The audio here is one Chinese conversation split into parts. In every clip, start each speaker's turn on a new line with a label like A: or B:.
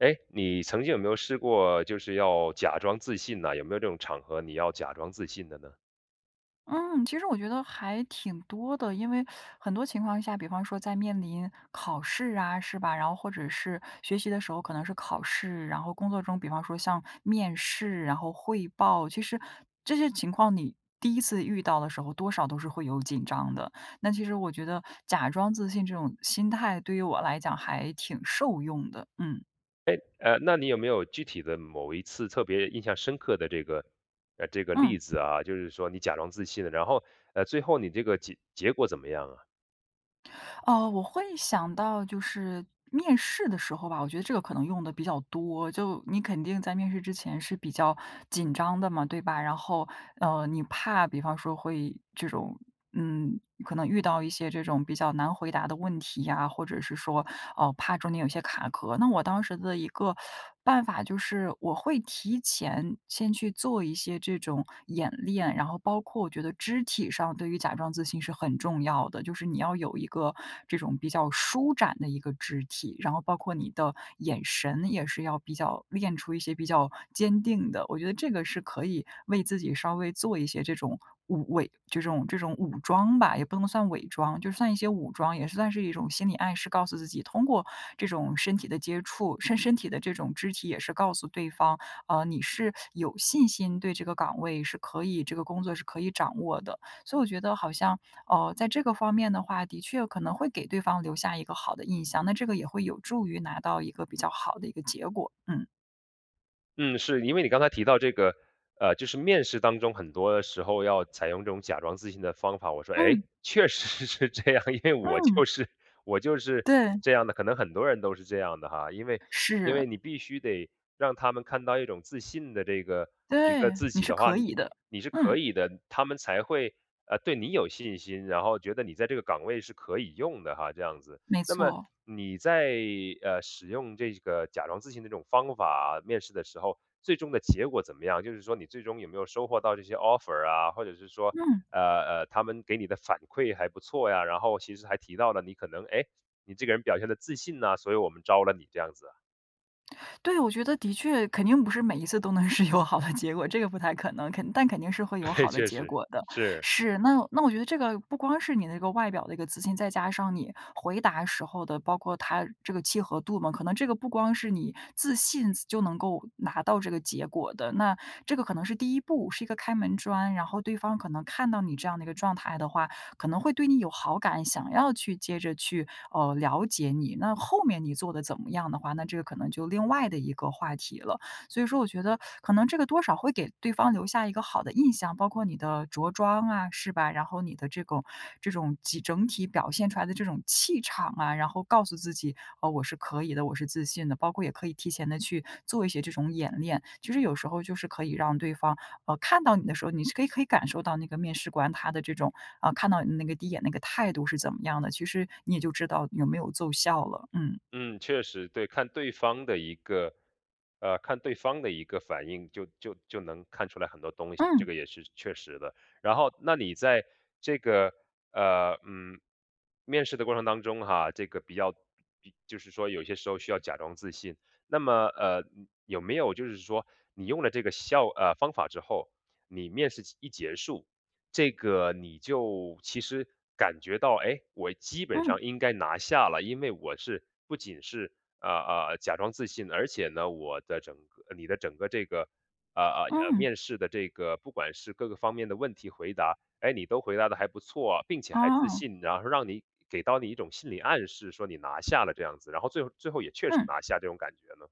A: 诶，你曾经有没有试过就是要假装自信呢？有没有这种场合，你要假装自信的呢？
B: 嗯，其实我觉得还挺多的，因为 很多情况下，比方说在面临考试啊，是吧？然后或者是学习的时候，可能是考试，然后工作中比方说像面试，然后汇报，其实这些情况你第1次遇到的时候，多少都是会有紧张的。那其实我觉得假装自信这种心态，对于我来讲还挺受用的，嗯。
A: 诶，呃，那你有没有具体的某一次特别印象深刻的这个，呃，这个
B: 嗯。
A: 例子啊，就是说你假装自信的，然后，呃，最后你这个结结果怎么样啊？
B: 呃，我会想到就是面试的时候吧，我觉得这个可能用得比较多。就你肯定在面试之前是比较紧张的嘛，对吧？然后，呃，你怕比方说会这种嗯，可能遇到一些这种比较难回答的问题呀，或者是说，呃，怕中间有一些卡壳。那我当时的一个办法就是，我会提前先去做一些这种演练。然后包括我觉得肢体上对于假装自信是很重要的，就是你要有一个这种比较舒展的一个肢体。然后包括你的眼神，也是要比较练出一些比较坚定的。我觉得这个是可以为自己稍微做一些这种武伪，这种这种武装吧，也不能算伪装，就算一些武装。也是算是一种心理暗示，告诉自己通过这种身体的接触，身身体的这种肢体也是告诉对方，呃，你是有信心对这个岗位是可以这个工作是可以掌握的。所以我觉得好像，呃，在这个方面的话，的确可能会给对方留下一个好的印象，那这个也会有助于拿到一个比较好的一个结果，嗯。
A: 嗯，是，因为你刚才提到这个，呃，就是面试当中很多时候，要采用这种假装自信的方法。我说，诶，
B: 嗯。
A: 确实是这样，因为我就
B: 嗯。
A: 是我就是
B: 对。
A: 这样的。可能很多人都是这样的哈，因为因
B: 是。
A: 为你必须得让他们看到一种自信的这个一个
B: 对，
A: 自
B: 你
A: 己
B: 是
A: 的话，
B: 可以的，
A: 你是
B: 嗯。
A: 可以的，他们才会，呃，对你有信心，然后觉得你在这个岗位是可以用的哈，这样子。
B: 没
A: 那么
B: 错。
A: 你在，呃，使用这个假装自信的这种方法面试的时候，最终的结果怎么样？就是说你最终有没有收获到这些 offer 啊？或者是说，
B: 嗯。
A: 呃，呃，他们给你的反馈还不错呀？然后其实还提到了你可能，诶，你这个人表现得自信呐，所以我们招了你，这样子啊？
B: 对，我觉得的确，肯定不是每一次都能是有好的结果，这个不太可能，肯但肯定是会有
A: 对，
B: 好的
A: 确
B: 结
A: 实，
B: 果的。
A: 是。
B: 是，那那我觉得这个，不光是你的那个外表的一个自信，再加上你回答时候的，包括它这个契合度嘛。可能这个不光是你自信，自就能够拿到这个结果的，那这个可能是第1步，是一个开门砖。然后对方可能看到你这样的一个状态的话，可能会对你有好感，想要去接着去，呃，了解你。那后面你做得怎么样的话，那这个可能就另外的一个话题了。所以说我觉得，可能这个多少会给对方留下一个好的印象，包括你的着装啊，是吧？然后你的这个这种集整体表现出来的这种气场啊。然后告诉自己：“啊，我是可以的，我是自信的。”包括也可以提前地去做一些这种演练，就是有时候就是可以让对方，呃，看到你的时候，你是可以可以感受到那个面试官他的这种，啊，看到你那个第1眼那个态度是怎么样的。其实你也就知道有没有奏效了，嗯。
A: 嗯，确实，对，看对方的一个，呃，看对方的一个反应，就就就能看出来很多东西，这
B: 嗯。
A: 个也是确实的。然后那你在这个，呃，嗯，面试的过程当中哈，这个比较比就是说有些时候需要假装自信。那么，呃，嗯，有没有就是说你用了这个效呃，方法之后，你面试结一结束，这个你就其实感觉到，诶，我基本
B: 嗯。
A: 上应该拿下了。因为我是不仅是，呃，呃，假装自信，而且呢，我的整个呃，你的整个这个，呃，呃，呃，
B: 嗯。
A: 面试的这个不管是各个方面的问题回答，诶，你都回答得还不错啊，并且还自
B: 哦。
A: 信。然后让你给到你一种心理暗示，说你拿下了这样子，然后最后最后也确实
B: 嗯。
A: 拿下这种感觉呢？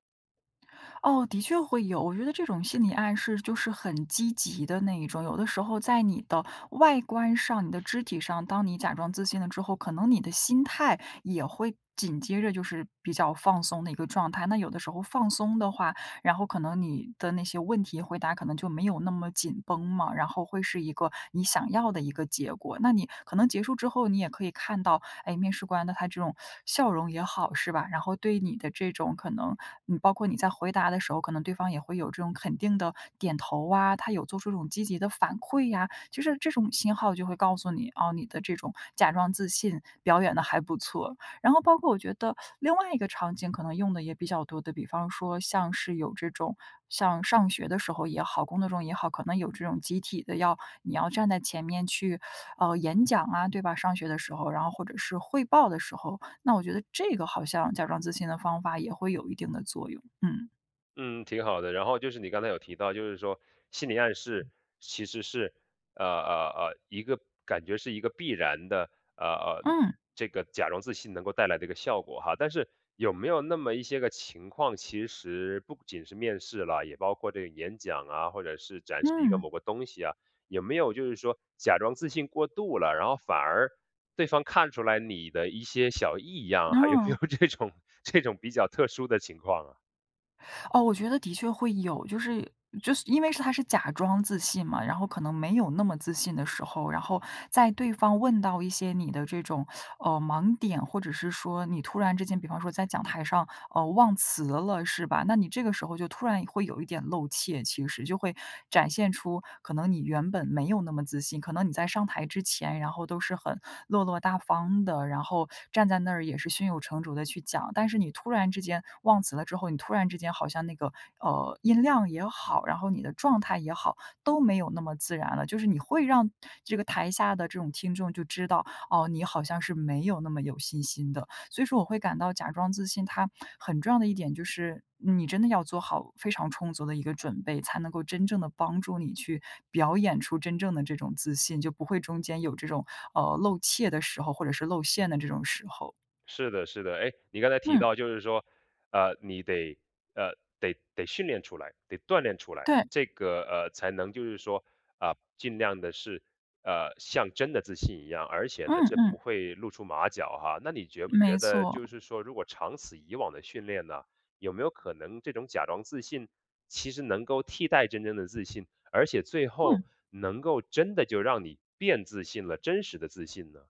B: 哦，的确会有，我觉得这种心理暗示就是很积极的那一种，有的时候在你的外观上、你的肢体上，当你假装自信了之后，可能你的心态也会紧接着就是比较放松的一个状态。那有的时候放松的话，然后可能你的那些问题回答可能就没有那么紧绷嘛，然后会是一个你想要的一个结果。那你可能结束之后，你也可以看到，哎，面试官的他这种笑容也好是吧？然后对你的这种可能你包括你在回答的时候，可能对方也会有这种肯定地点头啊，他有做出这种积极的反馈呀，就是这种信号就会告诉你，哦，你的这种假装自信表演得还不错。然后包括我觉得另外一个场景可能用得也比较多的，比方说像是有这种，像上学的时候也好、工作中也好，可能有这种集体的，要你要站在前面去，呃，演讲啊，对吧？上学的时候，然后或者是汇报的时候，那我觉得这个好像假装自信的方法也会有一定的作用。嗯。
A: 嗯，挺好的。然后就是你刚才有提到，就是说心理暗
B: 嗯。
A: 示，其实是，呃，呃，呃，一个感觉是一个必然的，呃，呃，
B: 嗯。
A: 这个假装自信能够带来这个效果哈。但是有没有那么一些个情况，其实不仅是面试了，也包括这个演讲啊，或者是展示一个
B: 嗯。
A: 某个东西啊，有没有就是说假装自信过度了，然后反而对方看出来你的一些小异样，还有没有
B: 哦。
A: 这种这种比较特殊的情况啊？
B: 哦，我觉得的确会有。就是就是因为是它是假装自信嘛，然后可能没有那么自信的时候，然后在对方问到一些你的这种，呃，盲点，或者是说你突然之间，比方说在讲台上，呃，忘词了，是吧？那你这个时候，就突然会有一点露怯其实，就会展现出可能你原本没有那么自信，可能你在上台之前，然后都是很落落大方的，然后站在那儿也是胸有成竹地去讲，但是你突然之间忘词了之后，你突然之间好像那个，呃，音量也好，然后你的状态也好，都没有那么自然了。就是你会让这个台下的这种听众就知道，哦，你好像是没有那么有信心的，所以说我会感到假装自信它很重要的一点就是，嗯你真的要做好非常充足的一个准备，才能够真正地帮助你去表演出真正的这种自信，就不会中间有这种，呃，露怯的时候或者是露馅的这种时候。
A: 是的，是的。诶？你刚才提
B: 嗯。
A: 到就是说，呃，你得，呃，得得训练出来得锻炼出来。
B: 对。
A: 这个，呃，才能就是说，呃，尽量地是，呃，像真的自信一样，而且呢
B: 嗯，
A: 这不
B: 嗯。
A: 会露出马脚哈。那你觉不觉
B: 没
A: 得，就
B: 错。
A: 是说如果长此以往地训练呢，有没有可能这种假装自信，其实能够替代真正的自信，而且最后
B: 嗯。
A: 能够真的就让你变自信了，真实的自信呢？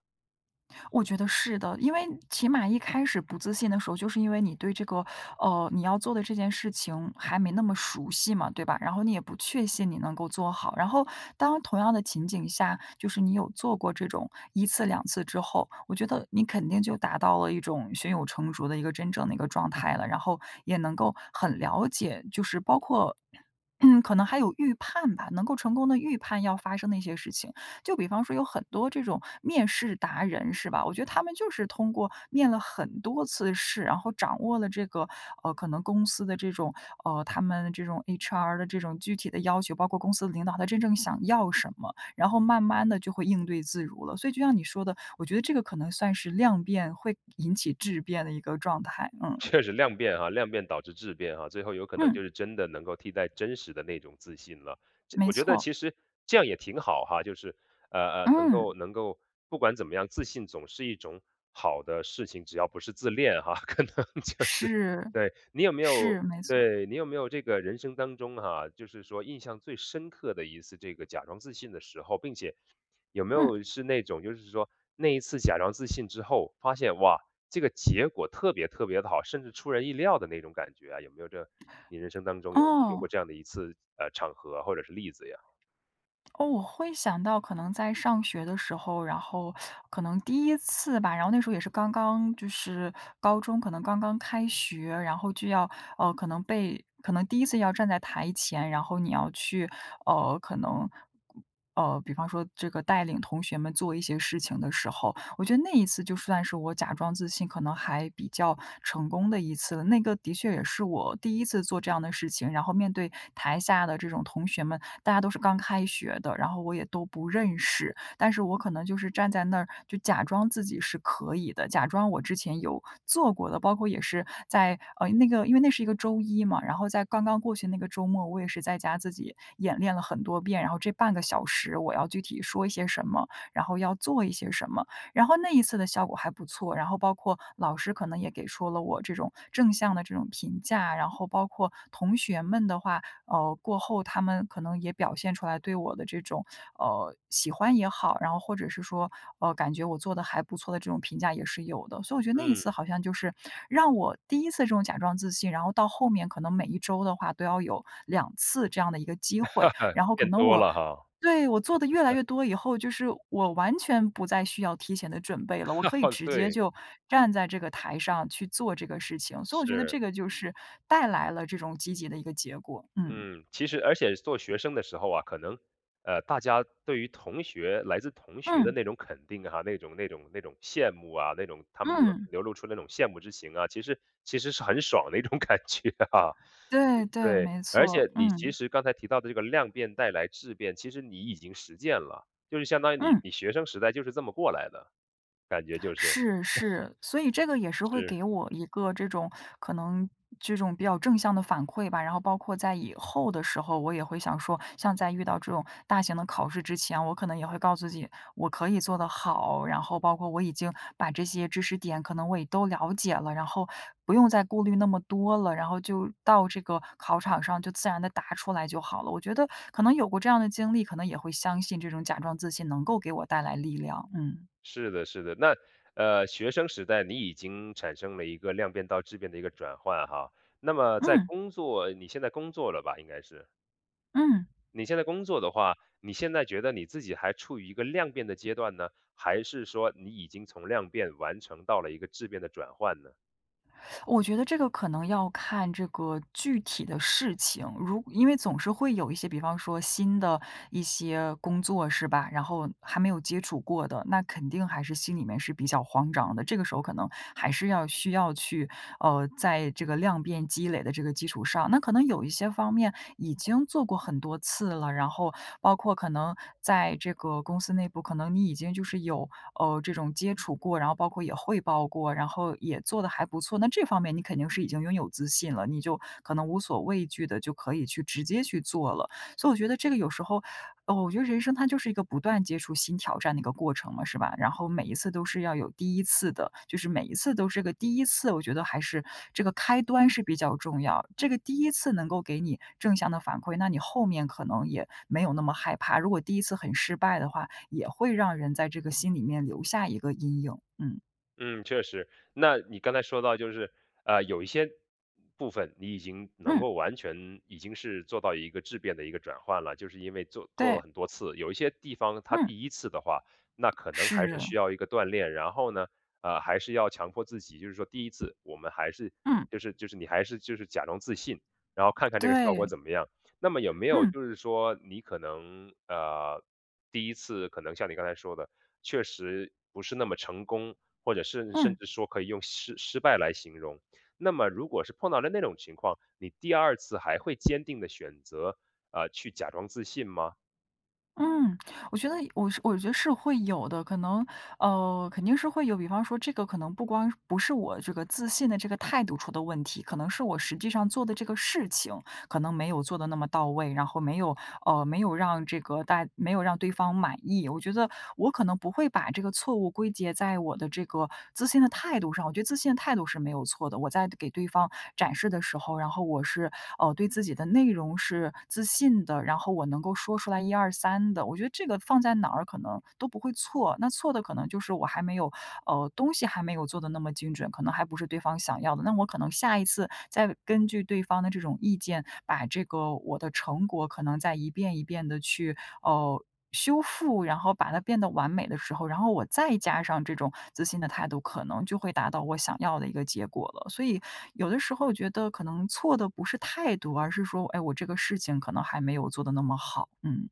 B: 我觉得是的，因为起码一开始不自信的时候，就是因为你对这个，呃，你要做的这件事情还没那么熟悉嘛，对吧？然后你也不确信你能够做好。然后当同样的情景下，就是你有做过这种1次2次之后，我觉得你肯定就达到了一种胸有成竹的一个真正的一个状态了，然后也能够很了解，就是包括 嗯，可能还有预判吧？能够成功地预判要发生的一些事情。就比方说有很多这种面试达人是吧？我觉得他们就是通过面了很多次试，然后掌握了这个，呃，可能公司的这种，呃，他们的这种，HR 的这种具体的要求，包括公司的领导他真正想要什么，然后慢慢地就会应对自如了。所以就像你说的，我觉得这个可能算是量变会引起质变的一个状态。嗯。
A: 确实量变啊，量变导致质变啊，最后有可能
B: 嗯。
A: 就是真的能够替代真实的那种自信了。这
B: 没
A: 我觉得
B: 错。
A: 其实这样也挺好哈，就是，呃，呃，能
B: 嗯。
A: 够能够不管怎么样，自信总是一种好的事情，只要不是自恋哈。可能就是
B: 是，
A: 对，你有没有
B: 是，没错。
A: 对，你有没有这个人生当中啊，就是说印象最深刻的一次这个假装自信的时候，并且有没
B: 嗯。
A: 有是那种就是说那一次假装自信之后发现，哇，这个结果特别特别地好，甚至出人意料的那种感觉啊，有没有这你人生当中有有
B: 哦。
A: 过这样的一次，呃，场合或者是例子呀？
B: 哦，我会想到可能在上学的时候，然后 可能第1次吧，然后那时候也是刚刚就是高中可能刚刚开学，然后就要，呃，可能被可能第1次要站在台前，然后你要去，呃，可能，呃，比方说这个带领同学们做一些事情的时候，我觉得那一次就算是我假装自信，可能还比较成功的一次了。那个的确也是我第1次做这样的事情，然后面对台下的这种同学们，大家都是刚开学的，然后我也都不认识，但是我可能就是站在那儿就假装自己是可以的，假装我之前有做过的，包括也是在呃，那个因为那是个周一嘛，然后在刚刚过去的那个周末，我也是在家自己演练了很多遍，然后这半个小时我要具体说一些什么，然后要做一些什么。然后那一次的效果还不错，然后包括老师可能也给出了我这种正向的这种评价，然后包括同学们的话，呃，过后他们可能也表现出来对我的这种，呃，喜欢也好，然后或者是说“哦，感觉我做得还不错”的这种评价也是有的。所以我觉得那一次
A: 嗯。
B: 好像就是让我第1次这种假装自信，然后到后面可能每一周的话都要有2次这样的一个机会，然后可
A: 变
B: 能
A: 多
B: 我
A: 了哈。
B: 对，我做得越来越多以后，就是我完全不再需要提前的准备了，我可以 直接
A: 对。
B: 就站在这个台上去做这个事情，所以我觉得
A: 是。
B: 这个就是带来了这种积极的一个结果。嗯。
A: 嗯，其实而且做学生的时候啊，可能，呃，大家对于同学来自同学的
B: 嗯。
A: 那种肯定啊，那种那种那种羡慕啊，那种他们
B: 嗯。
A: 流露出那种羡慕之情啊，其实其实是很爽的一种感觉啊，呃
B: 对，对，
A: 对。
B: 没
A: 而
B: 错。
A: 且你其
B: 嗯。
A: 实刚才提到的这个量变带来质变，其实你已经实践了，就是相当于你
B: 嗯。
A: 你学生时代就是这么过来的，感觉就是。
B: 是，是。所以这个也是会
A: 是。
B: 给我一个这种可能这种比较正向的反馈吧，然后包括在以后的时候，我也会想说，像在遇到这种大型的考试之前，我可能也会告诉自己我可以做得好，然后包括我已经把这些知识点可能我也都了解了，然后不用再顾虑那么多了，然后就到这个考场上就自然地答出来就好了。我觉得可能有过这样的经历，可能也会相信这种假装自信能够给我带来力量，嗯。
A: 是的，是的。那，呃，学生时代你已经产生了一个量变到质变的一个转换哈，那么在
B: 嗯。
A: 工作你现在工作了吧？应该是。
B: 嗯。
A: 你现在工作的话，你现在觉得你自己还处于一个量变的阶段呢？还是说你已经从量变完成到了一个质变的转换呢？
B: 我觉得这个可能要看这个具体的事情，如因为总是会有一些比方说新的一些工作，是吧？然后还没有接触过的，那肯定还是心里面是比较慌张的。这个时候可能还是要需要去，呃，在这个量变积累的这个基础上那可能有一些方面已经做过很多次了，然后包括可能在这个公司内部，可能你已经就是有，呃，这种接触过，然后包括也汇报过，然后也做得还不错，那这方面你肯定是已经拥有自信了，你就可能无所畏惧地就可以去直接去做了。所以我觉得这个有时候哦，我觉得人生它就是一个不断接触新挑战的一个过程嘛，是吧？然后每一次都是要有第1次的，就是每一次都是个第1次，我觉得还是这个开端是比较重要。这个第1次能够给你正向的反馈，那你后面可能也没有那么害怕。如果第1次很失败的话，也会让人在这个心里面留下一个阴影，嗯。
A: 嗯，确实。那你刚才说到就是，呃，有一些部分你已经能
B: 嗯。
A: 够完全已经是做到一个质变的一个转换了，就是因为做做了
B: 对。
A: 很多次，有一些地方它
B: 嗯。
A: 第1次的话，那可能还是
B: 是。
A: 需要一个锻炼。然后呢，呃，还是要强迫自己，就是说第1次我们还是，
B: 嗯。
A: 就是就是你还是就是假装自信，然后看看这个效果
B: 对。
A: 怎么样。那么有没有
B: 嗯。
A: 就是说你可能，呃，第一次可能像你刚才说的，确实不是那么成功，或者甚至甚
B: 嗯。
A: 至说可以用失失败来形容。那么如果是碰到了那种情况，你第2次还会坚定地选择，呃，去假装自信吗？
B: 嗯，我觉得我我觉得是会有的，可能，呃，肯定是会有，比方说这个可能不光不是我这个自信的这个态度出的问题，可能是我实际上做的这个事情可能没有做得那么到位。然后没有呃，没有让这个大没有让对方满意。我觉得我可能不会把这个错误归结在我的这个自信的态度上，我觉得自信的态度是没有错的，我在给对方展示的时候，然后我是，哦，对自己的内容是自信的，然后我能够说出来一二三的。我觉得这个放在哪儿可能都不会错，那错的可能就是我还没有呃，东西还没有做得那么精准，可能还不是对方想要的。那我可能下一次再根据对方的这种意见，把这个我的成果可能再一遍一遍地去，哦，修复，然后把它变得完美的时候，然后我再加上这种自信的态度，可能就会达到我想要的一个结果了。所以有的时候觉得可能错的不是态度，而是说，哎，我这个事情可能还没有做得那么好，嗯。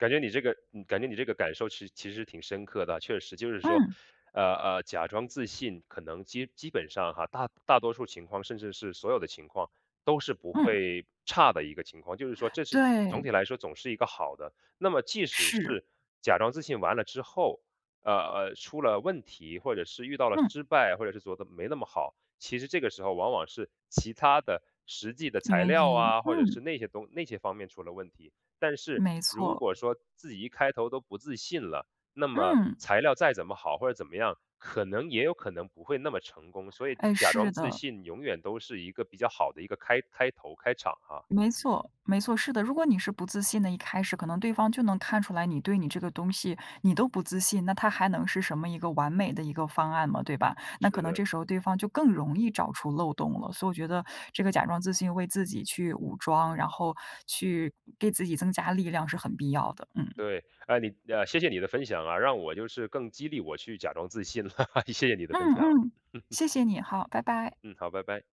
A: 感觉你这个嗯，感觉你这个感受其实其实挺深刻的，确实就是说，
B: 嗯。
A: 呃，呃，假装自信可能基基本上哈，大大多数情况，甚至是所有的情况都是不
B: 嗯。
A: 会差的一个情况，就是说这是总
B: 对。
A: 体来说总是一个好的。那么即使
B: 是。
A: 是假装自信完了之后，呃，呃，出了问题，或者是遇到了
B: 嗯。
A: 失败，或者是觉得没那么好，其实这个时候往往是其它的实际的材
B: 原
A: 料
B: 因，
A: 啊，或者是
B: 嗯。
A: 那些东那些方面出了问题。但是
B: 没
A: 如
B: 错。
A: 果说自己一开头都不自信了，那么
B: 嗯。
A: 材料再怎么好或者怎么样，可能也有可能不会那么成功。所以
B: 哎，
A: 假
B: 是
A: 装自
B: 的。
A: 信永远都是一个比较好的一个开开头、开场啊。
B: 没错，没错，是的。如果你是不自信的，一开始可能对方就能看出来你对你这个东西，你都不自信，那它还能是什么一个完美的一个方案吗，对吧？那可
A: 是
B: 能
A: 的。
B: 这时候对方就更容易找出漏洞了。所以我觉得这个假装自信为自己去武装，然后去给自己增加力量是很必要的。嗯。
A: 对。呃你呃，谢谢你的分享啊，让我就是更激励我去假装自信了，谢谢你的分
B: 嗯，
A: 享。
B: 嗯，谢谢你。好，拜拜。
A: 嗯，好。拜拜。